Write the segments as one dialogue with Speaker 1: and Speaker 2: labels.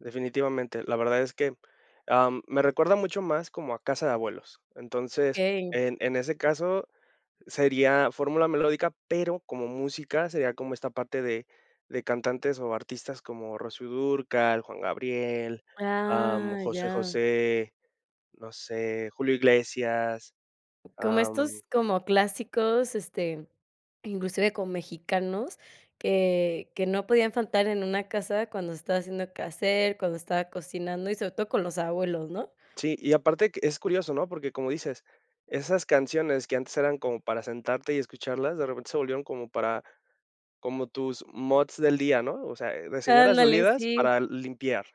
Speaker 1: Definitivamente. La verdad es que, am, me recuerda mucho más como a casa de abuelos. Entonces,
Speaker 2: Okey.
Speaker 1: en en ese caso sería fórmula melódica, pero como música sería como esta parte de de cantantes o artistas como Rocío Dúrcal, Juan Gabriel, am,
Speaker 2: Ah,
Speaker 1: José
Speaker 2: ya.
Speaker 1: José, no sé, Julio Iglesias.
Speaker 2: Como estos
Speaker 1: Am
Speaker 2: como clásicos, este, inclusive con mexicanos, que que no podían faltar en una casa cuando estaba haciendo quehacer, cuando estaba cocinando y, sobre todo, con los abuelos, ¿no?
Speaker 1: Sí, y aparte que, es curioso, ¿no? Porque como dices, esas canciones que antes eran como para sentarte y escucharlas, de repente se volvieron como para como tus moods del día, ¿no? O sea, eh, de señoras
Speaker 2: Ándale,
Speaker 1: dolidas
Speaker 2: sí.
Speaker 1: para limpiar,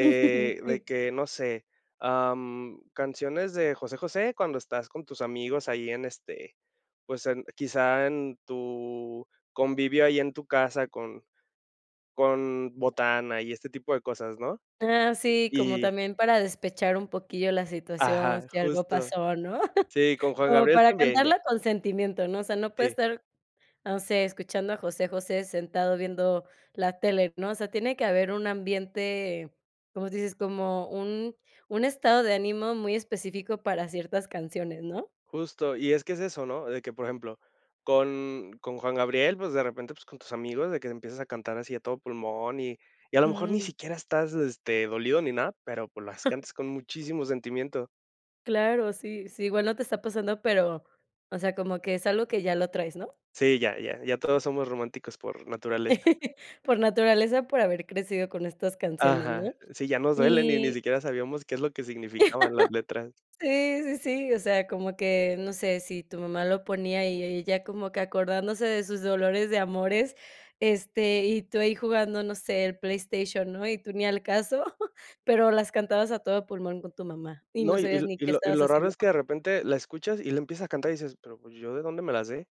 Speaker 1: de
Speaker 2: Sí.
Speaker 1: que, no sé, am, canciones de José José cuando estás con tus amigos ahí en, este, pues en quizá en tu convivio ahí en tu casa con con botana y este tipo de cosas, ¿no?
Speaker 2: Ah, sí, como
Speaker 1: Y
Speaker 2: también para despechar un poquillo la situación,
Speaker 1: Ajá,
Speaker 2: si algo
Speaker 1: justo.
Speaker 2: pasó, ¿no?
Speaker 1: Sí, con Juan
Speaker 2: Como
Speaker 1: Gabriel
Speaker 2: para
Speaker 1: también, ya.
Speaker 2: cantarla con sentimiento, ¿no? O sea, no puede
Speaker 1: Sí.
Speaker 2: estar, no sé, escuchando a José José sentado viendo la tele, ¿no? O sea, tiene que haber un ambiente, como tu dices, como un un estado de ánimo muy específico para ciertas canciones, ¿no?
Speaker 1: Justo. Y es que es eso, ¿no? De que, por ejemplo, con con Juan Gabriel, pues de repente, pues con tus amigos de que empiezas a cantar así a todo pulmón y y a lo mejor ni
Speaker 2: Jum.
Speaker 1: siquiera estás, este, dolido ni nada, pero, pues, las cantas con muchísimo sentimiento.
Speaker 2: Claro, sí, sí. Igual no te está pasando, pero, o sea, como que es algo que ya lo traes, ¿no?
Speaker 1: Sí, ya, ya. Ya todos somos románticos por naturaleza.
Speaker 2: Por naturaleza, por haber crecido con estas canciones, ¿no?
Speaker 1: Ajá. Sí, ya nos duelen y ni
Speaker 2: Y
Speaker 1: siquiera sabíamos qué es lo que significaban las letras.
Speaker 2: Sí, sí, sí. O sea, como que, no sé. Sí, tu mamá lo ponía y e ella como que acordándose de sus dolores de amores. Este, y tú ahí jugando, no sé, el PlayStation, ¿no? Y tú ni al caso. Pero las cantabas a todo pulmón con tu mamá y no
Speaker 1: No y y
Speaker 2: sabías
Speaker 1: l
Speaker 2: ni
Speaker 1: y
Speaker 2: qué
Speaker 1: lo y
Speaker 2: estabas
Speaker 1: lo raro
Speaker 2: haciendo.
Speaker 1: es que de repente la escuchas y le empieza a cantar y dices: "¿Pero pues yo de dónde me la sé?".